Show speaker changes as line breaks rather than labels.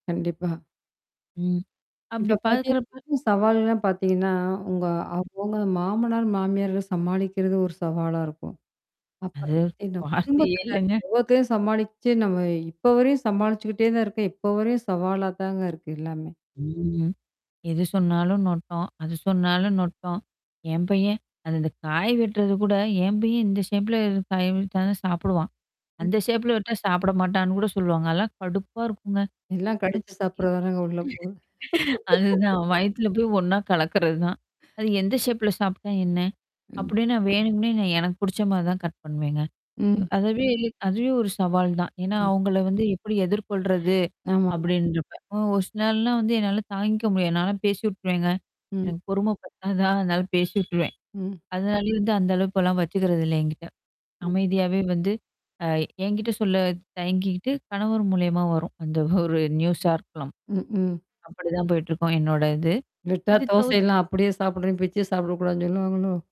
கண்டிப்பா.
ம்.
இப்ப
அப்பிடிப்
பார்த்தீங்கன்னா
பார்க்கிறப்ப
சவால்கள் எல்லாம் பார்த்தீங்கன்னா, உங்க அவுங்க மாமனார், மாமியார சமாளிக்கிறது ஒரு சவாலாக இருக்கும். அப்புறம்
அது
பார்த்தீங்கன்னா,
வார்த்தையே
குடும்பத்தில
இல்லங்க.
ஒ்வ்வொருத்தரையும் சமாளிச்சு நம்ம இப்பவரையும் சமாளிச்சிக்கிட்டே தான் இருக்கோம். இப்ப வரையும் சவாலா தாங்க இருக்கு எல்லாமே!
ம். எது சொன்னாலும் நொட்டை. அது சொன்னாலும் நொட்டை. என் பையன், அந்தந்தக் காய் வெட்டுவது கூட என் பையன் இந்த ஷேப்ல இது காய் வெட்டினா தான் சாப்பிடுவான்,
ம்.
அந்த ஷேப்ல வெட்னா சாப்பிட மாட்டான்னு கூட சொல்வாங்க. அதெல்லாம் கடுப்பா இருக்குங்க.
எல்லாம்
[unintelligible]
கடித்துச் சாப்பிட்றதுதானங்க உள்ளே போகுது
[unintelligible] அதுதான் வயித்துல போய் ஒன்னா கலக்குறதுதான். அது எந்த ஷேப்ல சாப்ட்டா என்ன?
ம்.
அப்பிடின்னா வேணுக்கும்னே நான் எனக்குப் பிடிச்சமாரி தான் கட் பண்ணுவேங்க. இவ்
ம்.
அதுவே அதுவே ஒரு சவால் தான். ஏன்னா
ம்.
அவுங்கள வந்து எப்பிடி எதிர்கொள்றது?
ஆமா.
அப்பிடின்டு இருப்பேன். ஓ ஒரு சில நாள்ல்லாம் வந்து என்னால தாங்கிக்க முடியாது. நான்லாம் பேசி விட்ருவேங்க.
ம்.
எனக்குப் பொறும பத்தாதா, அதனால பேசி விட்டுருவேன்.
ம்.
அதனாலேயே வந்து அந்த அளவுக்கு எல்லாம் வச்சிக்கிறது இல்ல எங்கிட்ட.
ம்.
அமைதியாவே வந்து அ எங்கிட்ட சொல்லத் தயங்கிக்க்கிட்டு கணவர் மூலியமா வரும். அந்த ஒரு நியூஸா இருக்கலாம்.
ம், ம்.
அப்பிடித்தான் போயிட்டுருக்கும் என்னோட இது,
விட்டா
இது தவிர்த்து
தோசையெல்லாம் அப்பிடியே சாப்புட்றேன், பிச்சுச் சாப்பிடக்கூடாதுன்னு சொல்லுவாங்களோ!